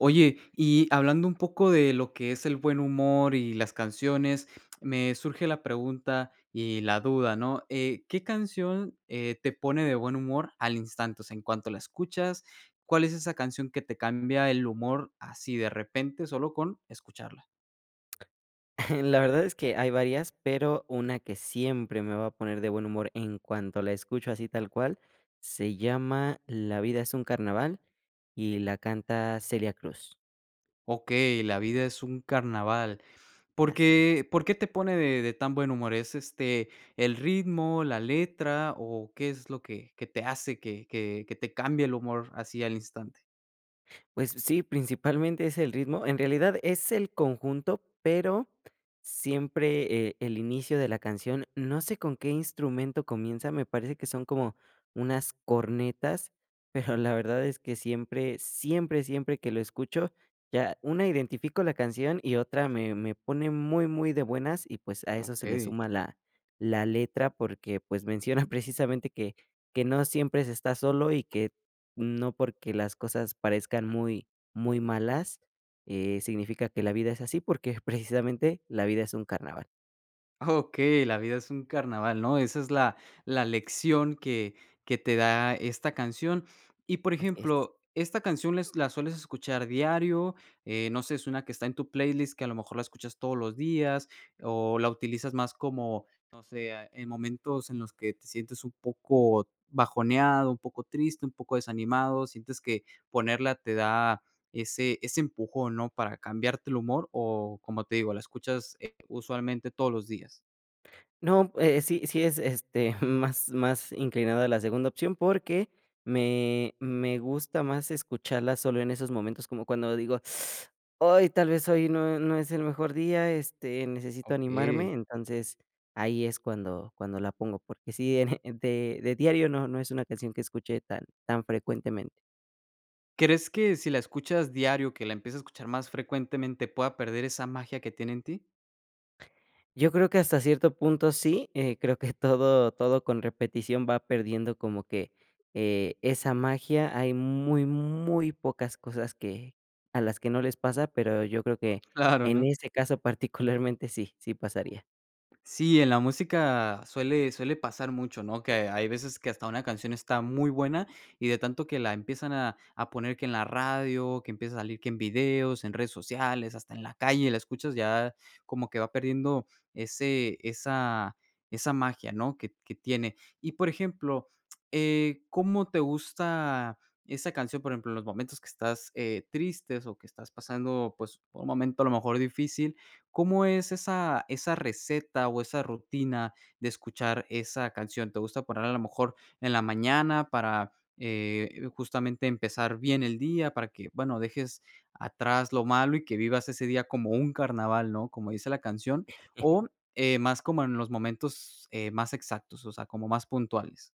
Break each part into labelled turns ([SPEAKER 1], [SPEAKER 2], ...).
[SPEAKER 1] Oye, y hablando un poco de lo que es el buen humor y las canciones, me surge la pregunta y la duda, ¿no? Eh, ¿qué canción, eh, te pone de buen humor al instante? O sea, en cuanto la escuchas, ¿cuál es esa canción que te cambia el humor así de repente solo con escucharla?
[SPEAKER 2] La verdad es que hay varias, pero una que siempre me va a poner de buen humor en cuanto la escucho así tal cual, se llama La vida es un carnaval y la canta Celia Cruz.
[SPEAKER 1] Okey, La vida es un Carnaval. ¿Por
[SPEAKER 2] Así es.
[SPEAKER 1] qué por qué te pone de de tan buen humor? ¿Es, este, el ritmo, la letra o qué es lo que que te hace que que que te cambie el humor así al instante?
[SPEAKER 2] Pues sí, principalmente es el ritmo. En realidad es el conjunto, pero siempre, eh, el inicio de la canción no sé con qué instrumento comienza, me parece que son como unas cornetas, pero la verdad es que siempre, siempre, siempre que lo escucho, ya una identifico la canción y otra me me pone muy, muy de buenas y pues a eso se le
[SPEAKER 1] Okey.
[SPEAKER 2] suma la la letra porque pues menciona precisamente que que no siempre se está solo y que no porque las cosas parezcan muy muy malas, eh, significa que la vida es así porque precisamente la vida es un carnaval.
[SPEAKER 1] Ah, okey, la vida es un carnaval, ¿no? Esa es la la lección que que te da esta canción. Y, por
[SPEAKER 2] Así es.
[SPEAKER 1] ejemplo, ¿esta canción les la sueles escuchar diario, eh, no sé, suena que está en tu playlist, que a lo mejor la escuchas todos los días, o la utilizas más como, no sé, eh, en momentos en los que te sientes un poco bajoneado, un poco triste, un poco desanimado, sientes que ponerla te da ese ese empujón, ¿no? Para cambiarte el humor o, como te digo, la escuchas, eh, usualmente todos los días?
[SPEAKER 2] No, eh, sí sí es, este, más más inclinada a la segunda opción, porque me me gusta más escucharla solo en esos momentos, como cuando digo, ay, tal vez hoy no, eh, no es el mejor día, este, necesito
[SPEAKER 1] Okey.
[SPEAKER 2] animarme, entonces ahí es cuando cuando la pongo, porque sí, en, eh, de de diario no no es una canción que escuche tan tan frecuentemente.
[SPEAKER 1] ¿Crees que si la escuchas diario, que la empiece a escuchar más frecuentemente, pueda perder esa magia que tiene en ti?
[SPEAKER 2] Yo creo que hasta cierto punto sí, eh, creo que todo todo con repetición va perdiendo como que, eh, esa magia, hay muy muy pocas cosas que a las que no les pasa, pero yo creo que
[SPEAKER 1] Claro,
[SPEAKER 2] en
[SPEAKER 1] ¿no?
[SPEAKER 2] ese caso particularmente sí sí pasaría.
[SPEAKER 1] Sí, en la música suele suele pasar mucho, ¿no? Que hay veces que hasta una canción está muy buena y de tanto que la empiezan a a poner que en la radio, que empieza a salir que en videos, en redes sociales, hasta en la calle, la escuchas ya como que va perdiendo ese esa esa magia, ¿no? Que t que tiene. Y, por ejemplo, eh, ¿cómo te gusta esa canción? Por ejemplo, en los momentos que estás, eh, tristes o que estás pasando, pues, por un momento a lo mejor difícil, ¿cómo es esa esa receta o esa rutina de escuchar esa canción? ¿Te gusta poner a lo mejor en la mañana para, eh, justamente empezar bien el día? Para que, bueno, dejes atrás lo malo y que vivas ese día como un carnaval, ¿no? Como dice la canción, o, eh, ¿más como en los momentos, eh, más exactos, o sea, como más puntuales?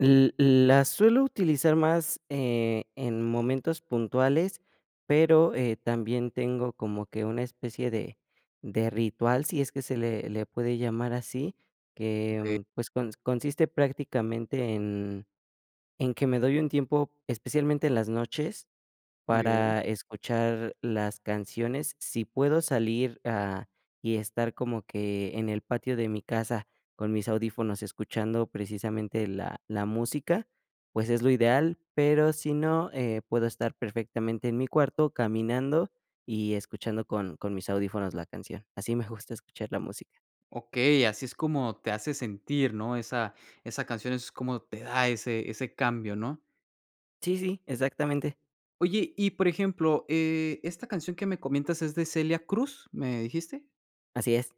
[SPEAKER 2] L l la suelo utilizar más, eh, en momentos puntuales, pero, eh, también tengo como que una especie de de ritual, sí es que se le le puede llamar así,
[SPEAKER 1] Que
[SPEAKER 2] que, pues, cons consiste prácticamente en en que me doy un tiempo, especialmente en las noches,
[SPEAKER 1] Muy bien.
[SPEAKER 2] para escuchar las canciones. Sí puedo salir, ah, y estar como que en el patio de mi casa con mis audífonos escuchando precisamente la la música, pues es lo ideal, pero si no, eh, puedo estar perfectamente en mi cuarto caminando y escuchando con con mis audífonos la canción. Así me gusta escuchar la música.
[SPEAKER 1] Okey, así es como te hace sentir, ¿no? Esa esa canción es como te da ese ese cambio, ¿no?
[SPEAKER 2] Sí, sí, exactamente.
[SPEAKER 1] Oye, y por ejemplo, eh, esta canción que me comentas, ¿es de Celia Cruz, me dijiste?
[SPEAKER 2] Así es.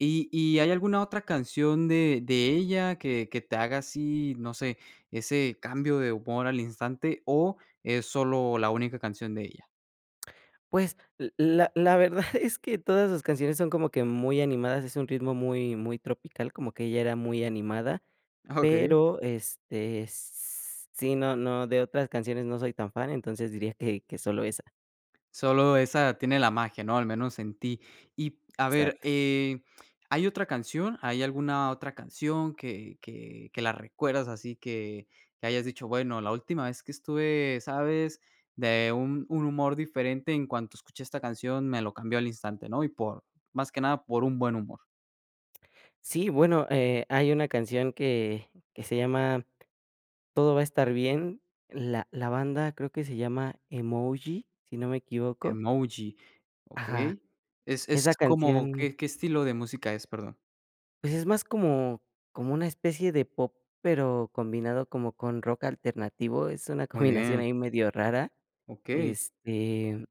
[SPEAKER 1] ¿Y y hay alguna otra canción de de ella que que te haga así, no sé, ese cambio de humor al instante o es solo la única canción de ella?
[SPEAKER 2] Pues, l la la verdad es que todas sus canciones son como que muy animadas. Es un ritmo muy muy tropical, como que ella era muy animada,
[SPEAKER 1] Ah, okey.
[SPEAKER 2] pero, este, s s sí, no no de otras canciones no soy tan fan, entonces diría que que solo esa.
[SPEAKER 1] Solo esa tiene la magia, ¿no? Al menos en ti. Y, a ver,
[SPEAKER 2] Exacto.
[SPEAKER 1] eh, ¿hay otra canción? ¿Hay alguna otra canción? que que que la recuerdas así que que hayas dicho, bueno, la última vez que estuve, ¿sabes?, de un un humor diferente en cuanto escuché esta canción, me lo cambió al instante, ¿no? Y por, más que nada, por un buen humor.
[SPEAKER 2] Sí, bueno, eh, hay una canción que que se llama Todo va a estar bien, la la banda creo que se llama Emoji, si no me equivoco.
[SPEAKER 1] Emoji,
[SPEAKER 2] Ajá.
[SPEAKER 1] okey. Es es
[SPEAKER 2] Esa
[SPEAKER 1] como,
[SPEAKER 2] canción
[SPEAKER 1] ¿qué qué estilo de música es?, perdón.
[SPEAKER 2] Pues, es más como como una especie de pop, pero combinado como con rock alternativo, es una
[SPEAKER 1] Muy
[SPEAKER 2] combinación
[SPEAKER 1] bien.
[SPEAKER 2] ahí medio rara.
[SPEAKER 1] Okey.
[SPEAKER 2] Este,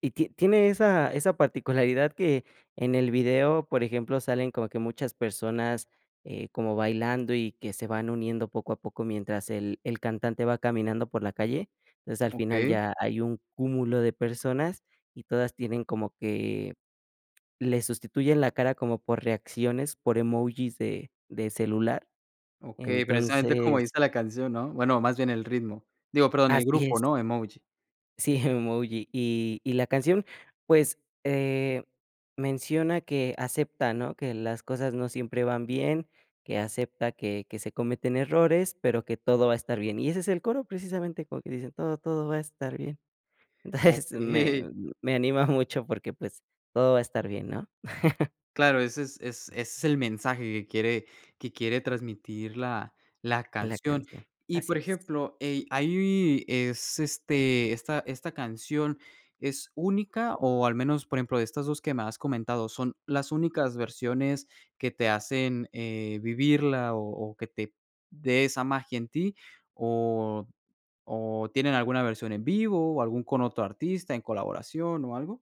[SPEAKER 2] y tie tiene esa esa particularidad que en el video, por ejemplo, salen como que muchas personas, eh, como bailando y que se van uniendo poco a poco mientras el el cantante va caminando por la calle. O sea, al final
[SPEAKER 1] Okey.
[SPEAKER 2] ya hay un cúmulo de personas y todas tienen como que, le sustituyen la cara como por reacciones, por emojis de de celular.
[SPEAKER 1] Okey, precisamente como
[SPEAKER 2] Entonces
[SPEAKER 1] dice la canción, ¿no? Bueno, más bien el ritmo. Digo, perdón, el
[SPEAKER 2] Así
[SPEAKER 1] grupo,
[SPEAKER 2] es.
[SPEAKER 1] ¿no? Emoji.
[SPEAKER 2] Sí, Emoji. Y y la canción, pues, eh, menciona que acepta, ¿no?, que las cosas no siempre van bien, que acepta que que se cometen errores, pero que todo va a estar bien. Y ese es el coro, precisamente, como que dice: "Todo, todo va a estar bien". Entonces,
[SPEAKER 1] Okey.
[SPEAKER 2] me me anima mucho porque, pues, todo va a estar bien, ¿no?
[SPEAKER 1] Claro, ese es es ese es el mensaje que quiere que quiere transmitir la la
[SPEAKER 2] La
[SPEAKER 1] canción.
[SPEAKER 2] canción.
[SPEAKER 1] Y,
[SPEAKER 2] Así
[SPEAKER 1] por
[SPEAKER 2] es.
[SPEAKER 1] ejemplo, eh, ahí es, este esta esta canción, ¿es única? O al menos, por ejemplo, de estas 2 que me has comentado, ¿son las únicas versiones que te hacen, eh, vivirla o o que te dé esa magia en ti? ¿O o tienen alguna versión en vivo o algún con otro artista en colaboración o algo?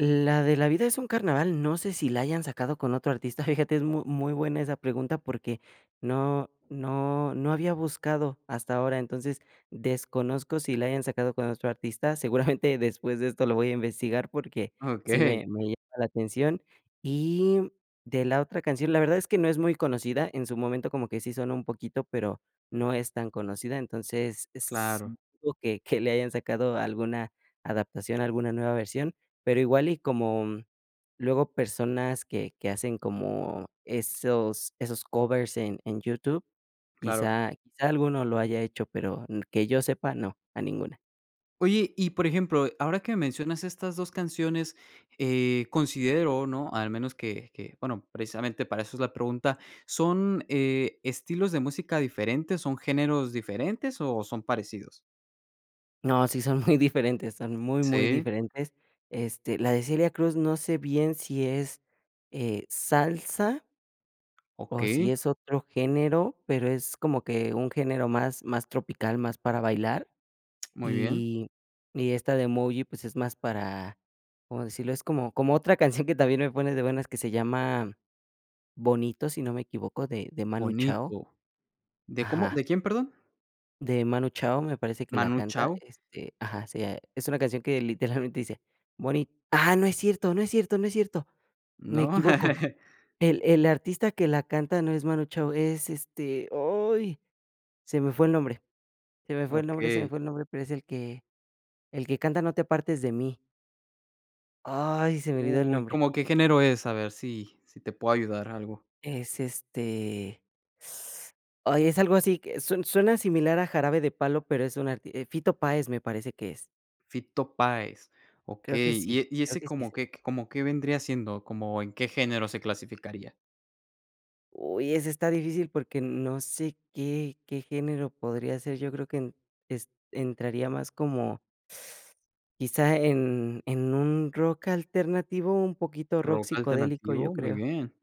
[SPEAKER 2] La de La Vida Es Un Carnaval, no sé si la hayan sacado con otro artista, fíjate, es muy muy buena esa pregunta porque no no no había buscado hasta ahora. Entonces, desconozco si la hayan sacado con otro artista. Seguramente después de esto lo voy a investigar, porque sí
[SPEAKER 1] Okey.
[SPEAKER 2] me me llama la atención.Y de la otra canción, la verdad es que no es muy conocida. En su momento como que sí sonó un poquito, pero no es tan conocida, entonces, es s
[SPEAKER 1] Claro.
[SPEAKER 2] dudo que que le hayan sacado alguna adaptación, alguna nueva versión. Pero igual y como, mm, luego personas que que hacen como esos esos covers en en YouTube,
[SPEAKER 1] Claro.
[SPEAKER 2] quizá quizá alguno lo haya hecho, pero n que yo sepa, no, a ninguna.
[SPEAKER 1] Oye, y por ejemplo, ahora que mencionas estas 2 canciones, eh, considero, ¿no? Al menos que que, bueno, precisamente para eso es la pregunta. ¿Son, eh, estilos de música diferentes, son géneros diferentes, o, son parecidos?
[SPEAKER 2] No, sí son muy diferentes, son muy, muy
[SPEAKER 1] Sí.
[SPEAKER 2] diferentes. Este, la de Celia Cruz no sé bien si es, eh, salsa o si
[SPEAKER 1] Okey.
[SPEAKER 2] es otro género, pero es como que un género más más tropical, más para bailar.
[SPEAKER 1] Muy bien.
[SPEAKER 2] Y y esta de Emoji, pues, es más para, ¿cómo decirlo?, es como como otra canción que también me pone de buenas que se llama Bonito, si no me equivoco, de de Manu Chao.
[SPEAKER 1] Bonito. ¿De cómo
[SPEAKER 2] Ajá.
[SPEAKER 1] de quién, perdón?
[SPEAKER 2] De Manu Chao me parece que la
[SPEAKER 1] ¿Manu
[SPEAKER 2] canta,
[SPEAKER 1] Chao?
[SPEAKER 2] este, ajá, sí, eh, es una canción que literalmente dice: "Moni" ah no es cierto, no es cierto, no es cierto. Me
[SPEAKER 1] ¿No?
[SPEAKER 2] equivoco. El el artista que la canta no es Manu Chao, es este, oy, se me fue el nombre. Se me fue el nombre, se me
[SPEAKER 1] Okey.
[SPEAKER 2] fue el nombre, pero es el que el que canta no te apartes de mí. Ay, se me olvidó el
[SPEAKER 1] Uy,
[SPEAKER 2] nombre.
[SPEAKER 1] ¿cómo qué género es? A ver si si te puedo ayudar algo.
[SPEAKER 2] Es este, ay, es algo así que su suena similar a jarabe de palo, pero es un arti eh, Fito Páez, me parece que es.
[SPEAKER 1] Fito Páez.
[SPEAKER 2] Creo que
[SPEAKER 1] Okey, y
[SPEAKER 2] sí,
[SPEAKER 1] e y
[SPEAKER 2] creo
[SPEAKER 1] ese
[SPEAKER 2] que sí
[SPEAKER 1] como
[SPEAKER 2] es él.
[SPEAKER 1] qué q como qué vendría siendo, como, ¿en qué género se clasificaría?
[SPEAKER 2] Uy, esa esta difícil porque no sé qué qué género podría ser, yo creo que en est entraría más como, quizá en en un rock alternativo, un poquito rock
[SPEAKER 1] ¿Rock
[SPEAKER 2] psicodélico, yo
[SPEAKER 1] alternativo? Muy
[SPEAKER 2] creo.
[SPEAKER 1] bien.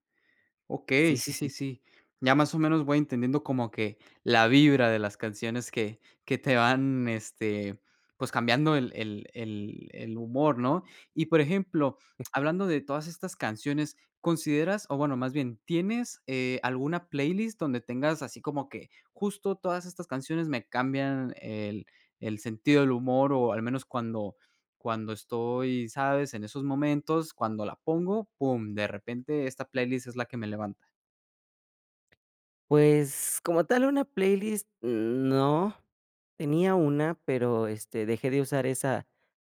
[SPEAKER 1] Okey,
[SPEAKER 2] Sí,
[SPEAKER 1] sí,
[SPEAKER 2] sí,
[SPEAKER 1] sí,
[SPEAKER 2] sí.
[SPEAKER 1] sí. Ya, más o menos, voy entendiendo como que la vibra de las canciones que que te van, este, pues, cambiando el el el el humor, ¿no? Y, por ejemplo, hablando de todas estas canciones, ¿consideras o, bueno, más bien, tienes, eh, alguna playlist donde tengas así como que justo todas estas canciones me cambian el el sentido del humor, o, al menos cuando cuando estoy, sabes en esos momentos, cuando la pongo, pum, de repente esta playlist es la que me levanta?
[SPEAKER 2] Pues, como tal, una playlist n no. Tenía una, pero, este, dejé de usar esa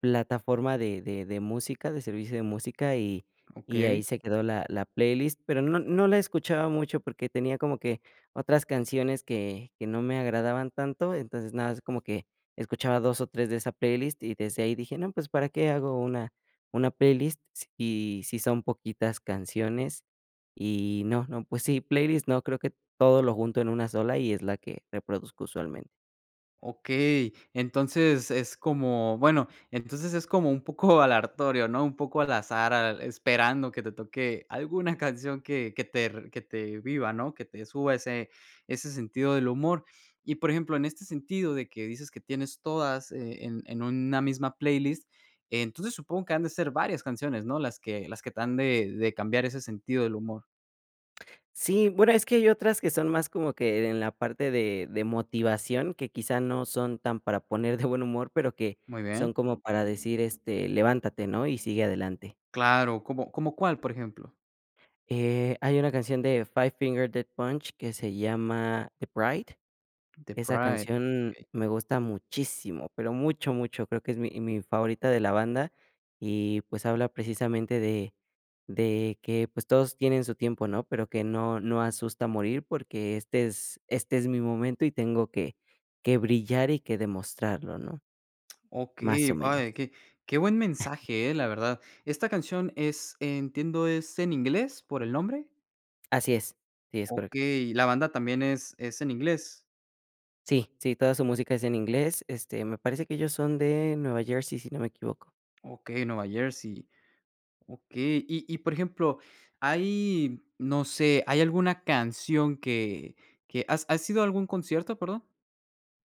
[SPEAKER 2] plataforma de de de música, de servicio de música, y y ahí
[SPEAKER 1] Okey.
[SPEAKER 2] se quedó la la playlist. Pero no no la escuchaba mucho porque tenía como que otras canciones que que no me agradaban tanto. Entonces, nada es como que escuchaba 2, o, 3 de esa playlist, y desde ahí dije: "No, pues, ¿para qué hago una una playlist? Y si son poquitas canciones. Y, no, no, pues sí, playlist no. Creo que todo lo junto en una sola y es la que reproduzco usualmente.
[SPEAKER 1] Okey, entonces, es como, bueno entonces, es como un poco aleatorio, ¿no? Un poco al azar, al esperando que te toque alguna canción que que te que te viva, ¿no? Que te suba ese ese sentido del humor. Y, por ejemplo, en este sentido de que dices que tienes todas e en en una misma playlist, entonces supongo que han de ser varias canciones, ¿no? Las que las que te han de de cambiar ese sentido del humor.
[SPEAKER 2] Sí. Bueno, es que hay otras que son más como que en la parte de de motivación, que, quizá, no son tan para poner de buen humor, pero que
[SPEAKER 1] Muy bien.
[SPEAKER 2] son como para decir, este, levántate, ¿no? Y sigue adelante.
[SPEAKER 1] Claro, ¿cómo, cómo cuál, por ejemplo?
[SPEAKER 2] Eh, hay una canción de Five Finger Death Punch, que se llama The Bright.
[SPEAKER 1] The
[SPEAKER 2] Esa
[SPEAKER 1] Bright,
[SPEAKER 2] canción
[SPEAKER 1] okey.
[SPEAKER 2] me gusta muchísimo, pero mucho, mucho. Creo que es mi mi favorita de la banda. Y, pues, habla precisamente de de que, pues, todos tienen su tiempo, ¿no? Pero que no no asusta morir porque este es este es mi momento, y tengo que que brillar y que demostrarlo, ¿no? Más
[SPEAKER 1] Okey,
[SPEAKER 2] o menos.
[SPEAKER 1] [unintelligible] de que Qué buen mensaje eh, la verdad. ¿Esta canción es entiendo, es en inglés por el nombre?
[SPEAKER 2] Así es, sí, es correcto.
[SPEAKER 1] Okey, ¿y la banda también es es en inglés?
[SPEAKER 2] Sí, sí, toda su música es en inglés, este, me parece que ellos son de Nueva Jersey, si no me equivoco.
[SPEAKER 1] Okey, Nueva Jersey. Okey, y y, por ejemplo, hay, no sé, ¿hay alguna canción que que? ¿Has has ido a algún concierto, perdón,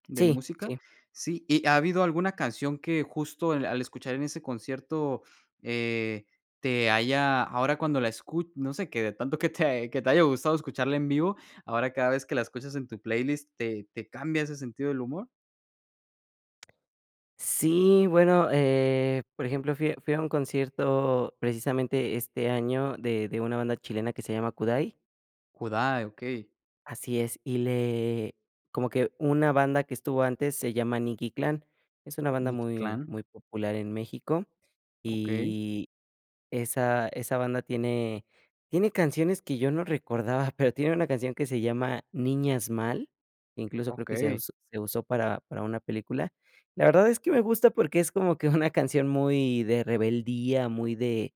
[SPEAKER 1] de
[SPEAKER 2] Sí,
[SPEAKER 1] música?
[SPEAKER 2] sí.
[SPEAKER 1] Sí, ¿y ha habido alguna canción que justo al escuchar en ese concierto, eh, te haya ahora cuando la escu no sé qué, de tanto que te que te haya gustado escucharla en vivo, ahora cada vez que la escuchas en tu playlist, ¿te te cambia ese sentido del humor?
[SPEAKER 2] Sí, bueno, eh, por ejemplo, fui fui a un concierto precisamente este año de de una banda chilena que se llama Kudai.
[SPEAKER 1] Kudai, okey.
[SPEAKER 2] Así es, y le como que una banda que estuvo antes se llama Nikki Clan. Es una banda
[SPEAKER 1] Nikki
[SPEAKER 2] muy
[SPEAKER 1] Clan.
[SPEAKER 2] muy popular en México,
[SPEAKER 1] Okey.
[SPEAKER 2] y esa esa banda tiene tiene canciones que yo no recordaba, pero tiene una canción que se llama Niñas Mal, incluso, creo que se
[SPEAKER 1] Okey.
[SPEAKER 2] aus se usó para para una película. La verdad es que me gusta porque es como que una canción muy de rebeldía, muy de,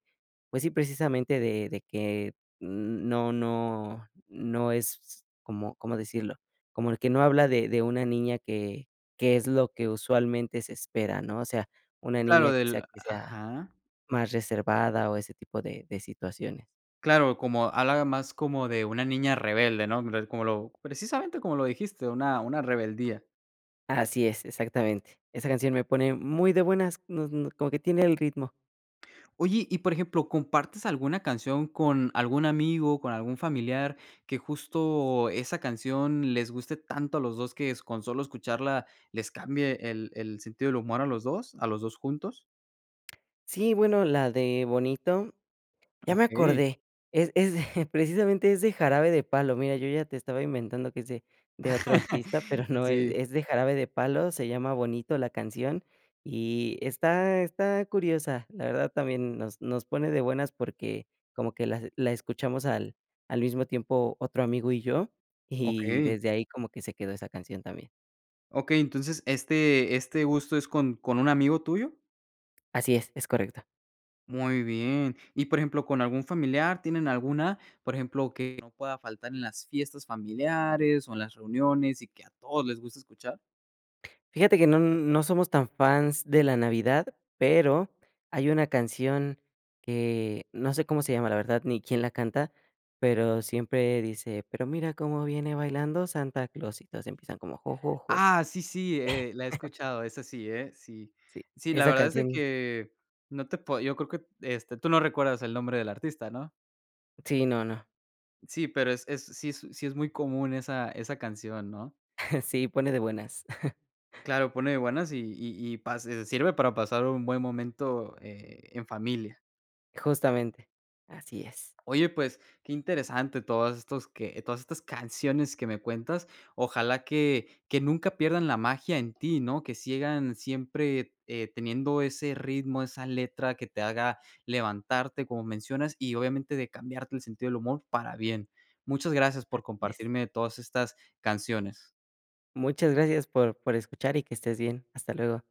[SPEAKER 2] pues sí, precisamente de de que n no no no es, ¿cómo cómo decirlo? Como el que no habla de de una niña que que es lo que usualmente se espera, ¿no? O sea, una
[SPEAKER 1] Claro,
[SPEAKER 2] niña, quizá,
[SPEAKER 1] del
[SPEAKER 2] que sea
[SPEAKER 1] ajá.
[SPEAKER 2] más reservada, o, ese tipo de de situaciones.
[SPEAKER 1] Claro, como halaga más como de una niña rebelde. ¿No? [unintelligible] Como lo, precisamente como lo dijiste, una una rebeldía.
[SPEAKER 2] Así es, exactamente. Esa canción me pone muy de buenas, nos no como que tiene el ritmo.
[SPEAKER 1] Oye, y, por ejemplo, ¿compartes alguna canción con algún amigo, con algún familiar que justo esa canción les guste tanto a los 2 que s con solo escucharla les cambie el el sentido del humor a los 2, a los 2 juntos?
[SPEAKER 2] Sí, bueno, la de Bonito, ya me
[SPEAKER 1] Okey.
[SPEAKER 2] acordé, es es de precisamente es de Jarabe de Palo, mira, yo ya te estaba inventando que es de de otro artista, pero no,
[SPEAKER 1] Sí.
[SPEAKER 2] e es de Jarabe de Palo, se llama Bonito la canción, y está está curiosa. La verdad también nos nos pone de buenas, porque como que las la escuchamos al al mismo tiempo otro amigo y yo, y
[SPEAKER 1] Okey.
[SPEAKER 2] desde ahí como que se quedó esa canción también.
[SPEAKER 1] Okey, entonces, ¿este este gusto es con con un amigo tuyo?
[SPEAKER 2] Así es, es correcto.
[SPEAKER 1] Muy bien. Y, por ejemplo, ¿con algún familiar, tienen alguna, por ejemplo, que no pueda faltar en las fiestas familiares, o, en las reuniones, y que a todos les gusta escuchar?
[SPEAKER 2] Fíjate que no, n no somos tan fans de la navidad, pero hay una canción que no sé cómo se llama, la verdad, ni quién la canta, pero siempre dice: "Pero mira cómo viene bailando Santa Claus", y todos empiezan como: jo, jo, jo.
[SPEAKER 1] Ah, sí, sí, eh, la he escuchado, es así, ¿eh? Sí.
[SPEAKER 2] Sí,
[SPEAKER 1] Sí, la
[SPEAKER 2] esa
[SPEAKER 1] verdad es de
[SPEAKER 2] canción
[SPEAKER 1] que no te puedo yo creo que este, ¿tú no recuerdas el nombre del artista, no?
[SPEAKER 2] Sí, no, no.
[SPEAKER 1] Sí, pero es es, sí es sí es muy común esa esa canción, ¿no?
[SPEAKER 2] Sí, pone de buenas.
[SPEAKER 1] Claro, pone buenas, y y y pa se sirve para pasar un buen momento, eh, en familia.
[SPEAKER 2] Justamente, así es.
[SPEAKER 1] Oye, pues, qué interesante todos estos que todas estas canciones que me cuentas. Ojalá que que nunca pierdan la magia en ti, ¿no? Que sigan siempre, eh, teniendo ese ritmo, esa letra que te haga levantarte, como mencionas, y obviamente de cambiarte el sentido del humor para bien. Muchas gracias por
[SPEAKER 2] Así es.
[SPEAKER 1] compartirme todas estas canciones.
[SPEAKER 2] Muchas gracias por por escuchar y que estés bien. Hasta luego.